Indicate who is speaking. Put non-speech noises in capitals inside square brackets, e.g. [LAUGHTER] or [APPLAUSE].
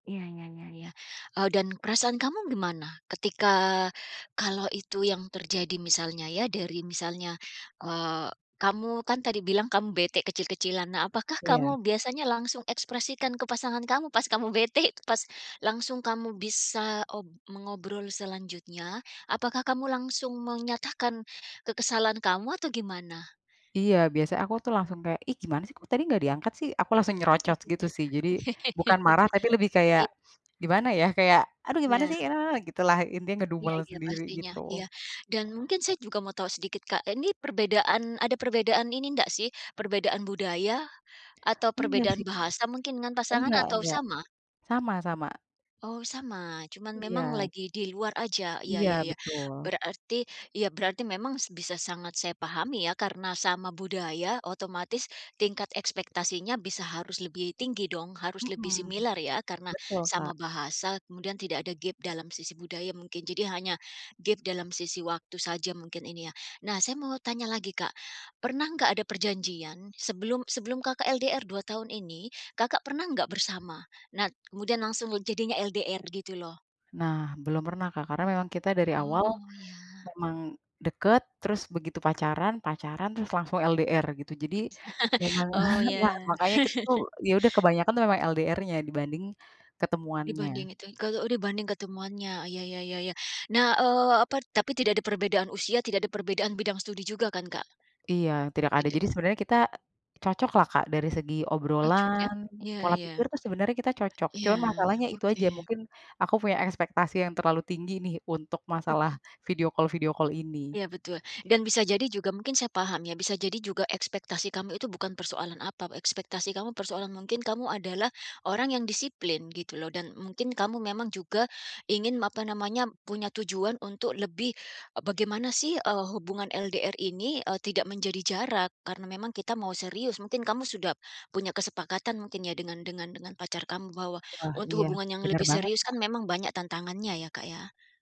Speaker 1: Iya, ya ya ya. Eee, dan perasaan kamu gimana? Ketika kalau itu yang terjadi misalnya ya dari misalnya, eee, kamu kan tadi bilang kamu bete kecil-kecilan. Nah apakah
Speaker 2: Iya.
Speaker 1: kamu biasanya langsung ekspresikan ke pasangan kamu pas kamu bete pas langsung kamu bisa, op mengobrol selanjutnya, apakah kamu langsung menyatakan kekesalan kamu atau gimana?
Speaker 2: Iya, biasanya aku tuh langsung kayak, "Ih, gimana sih kok tadi gak diangkat sih?" aku langsung nyerocot gitu sih. Jadi, bukan
Speaker 1: [CHUCKLES]
Speaker 2: marah tapi lebih kayak
Speaker 1: Iya.
Speaker 2: gimana ya, kayak, "Aduh gimana
Speaker 1: Ya.
Speaker 2: sih? Eee," gitulah. Intinya
Speaker 1: Iya
Speaker 2: ngedumel
Speaker 1: iya
Speaker 2: sendiri
Speaker 1: pastinya
Speaker 2: gitu.
Speaker 1: iya. Dan mungkin saya juga mau tahu sedikit, Kak. Ini perbedaan ada perbedaan ini ndak sih? Perbedaan budaya? Atau
Speaker 2: Enggak,
Speaker 1: perbedaan
Speaker 2: sih.
Speaker 1: bahasa mungkin dengan
Speaker 2: E
Speaker 1: pasangan
Speaker 2: enggak
Speaker 1: atau
Speaker 2: enggak.
Speaker 1: sama?
Speaker 2: Sama sama.
Speaker 1: Oh, sama, cuman memang
Speaker 2: Ya.
Speaker 1: lagi di luar aja, ya ya
Speaker 2: Iya,
Speaker 1: ya,
Speaker 2: betul.
Speaker 1: berarti ya berarti memang s bisa sangat saya pahami ya karena sama budaya otomatis tingkat ekspektasinya bisa harus lebih tinggi dong harus lebih
Speaker 2: Mhm.
Speaker 1: similar ya karena
Speaker 2: Betul, Kak.
Speaker 1: sama bahasa. Kemudian tidak ada gap dalam sisi budaya mungkin, jadi hanya gap dalam sisi waktu saja mungkin ini ya. Nah saya mau tanya lagi, Kak. Pernah nggak ada perjanjian sebelum sebelum Kakak LDR 2 tahun ini, Kakak pernah nggak bersama? Nah kemudian langsung le jadinya LDR gitu loh.
Speaker 2: Nah belum pernah, Kak. Karena memang kita dari awal
Speaker 1: Oh, ya.
Speaker 2: memang dekat, terus begitu pacaran, pacaran terus langsung LDR gitu. Jadi,
Speaker 1: [CHUCKLES]
Speaker 2: memang,
Speaker 1: Oh,
Speaker 2: [CHUCKLES] nah,
Speaker 1: ya.
Speaker 2: makanya kita tuh
Speaker 1: [CHUCKLES]
Speaker 2: ya udah kebanyakan tuh memang LDR-nya dibanding ketemuannya.
Speaker 1: Dibanding itu yang k eee oh dibanding ketemuannya, ya ya ya ya. Nah, eee, apa tapi tidak ada perbedaan usia tidak ada perbedaan bidang studi juga kan, Kak?
Speaker 2: Iya, tidak ada.
Speaker 1: Tidak.
Speaker 2: Jadi sebenarnya kita cocok lah Kak dari segi
Speaker 1: Cocok ya.
Speaker 2: obrolan,
Speaker 1: Ya
Speaker 2: pola
Speaker 1: ya.
Speaker 2: pikir tuh sebenarnya kita cocok.
Speaker 1: Ya,
Speaker 2: Cuman masalahnya itu aja,
Speaker 1: oke.
Speaker 2: mungkin aku punya ekspektasi yang terlalu tinggi nih untuk masalah
Speaker 1: [CHUCKLES]
Speaker 2: video call video call ini.
Speaker 1: Ya, betul. Dan bisa jadi juga mungkin saya paham ya, bisa jadi juga ekspektasi kamu itu bukan persoalan apa, ekspektasi kamu persoalan mungkin kamu adalah orang yang disiplin gitu loh. Dan mungkin kamu memang juga ingin m apa namanya punya tujuan untuk lebih ep bagaimana sih, eee, hubungan LDR ini, eee, tidak menjadi jarak. Karena memang kita mau serius. Mungkin kamu sudah, punya kesepakatan mungkin ya dengan dengan dengan pacar kamu bahwa
Speaker 2: Wah,
Speaker 1: untuk
Speaker 2: iya,
Speaker 1: hubungan yang
Speaker 2: benar
Speaker 1: lebih
Speaker 2: banget,
Speaker 1: serius kan
Speaker 2: Kak.
Speaker 1: memang banyak tantangannya ya, Kak, ya?